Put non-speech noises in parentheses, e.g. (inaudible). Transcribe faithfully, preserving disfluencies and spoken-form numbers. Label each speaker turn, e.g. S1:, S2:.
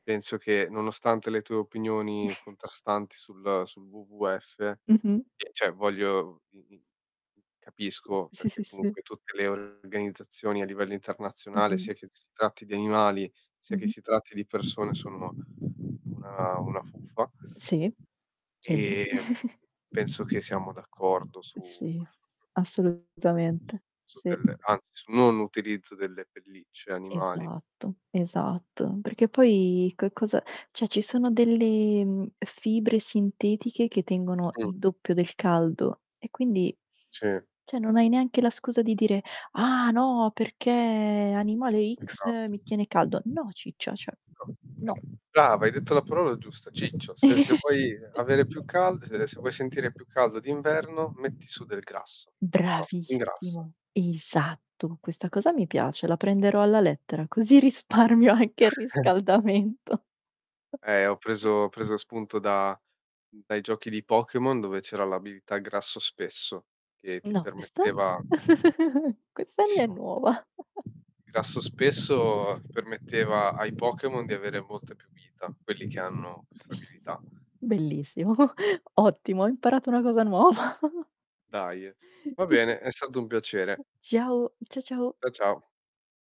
S1: Penso che, nonostante le tue opinioni
S2: (chuckles)
S1: contrastanti sul uhm, sul WWF,
S2: Mh-mh.
S1: che ceh voglio m m m capisco,
S2: Sì, sì,
S1: perché
S2: sì.
S1: comunque tutte le organizzazioni a livello internazionale,
S2: Mh-mh.
S1: sia che si tratti di animali, sia che
S2: Mh-mh.
S1: si tratti di persone, sono una una fuffa.
S2: Sì. Sì.
S1: Ehm,
S2: (chuckles)
S1: penso che siamo d'accordo su
S2: Sì, assolutamente.
S1: su
S2: Sì.
S1: delle anzi, sul non utilizzo delle pellicce animali.
S2: Esatto, esatto. Perché poi co e cosa ceh, ci sono delle, mhmm, fibre sintetiche che tengono
S1: Mh.
S2: il doppio del caldo e quindi
S1: Sì.
S2: ceh, non hai neanche la scusa di dire: "Ah! No, perché animale X
S1: Esatto.
S2: mi tiene caldo," No, ciccia, ceh no.
S1: (unintelligible) brava, hai detto la parola giusta: "Ciccio, se se vuoi avere più
S2: (chuckles)
S1: cald se se vuoi sentire più caldo d'inverno, metti su del grasso. Oh, ingrassa".
S2: Bravissimo, esatto. Questa cosa mi piace, la prenderò alla lettera così risparmio anche il
S1: (chuckles)
S2: riscaldamento.
S1: Eh, ho
S2: (chuckles)
S1: preso ho preso spunto da mhmm, dai giochi di Pokémon, dove c'era l' abilità "grasso spesso", che ti
S2: No, e sto?
S1: permetteva
S2: (chuckles) Questa mi è
S1: bellissimo,
S2: nuova. (chuckles)
S1: grasso spesso permetteva ai Pokémon di avere molta più vita, quelli che hanno questa abilità.
S2: Bellissimo. (chuckles) Ottimo, ho imparato una cosa nuova! (chuckles)
S1: Daje. Va
S2: (chuckles)
S1: bene, è stato un piacere.
S2: Ciao. Ciao, ciao.
S1: Cià, ciao.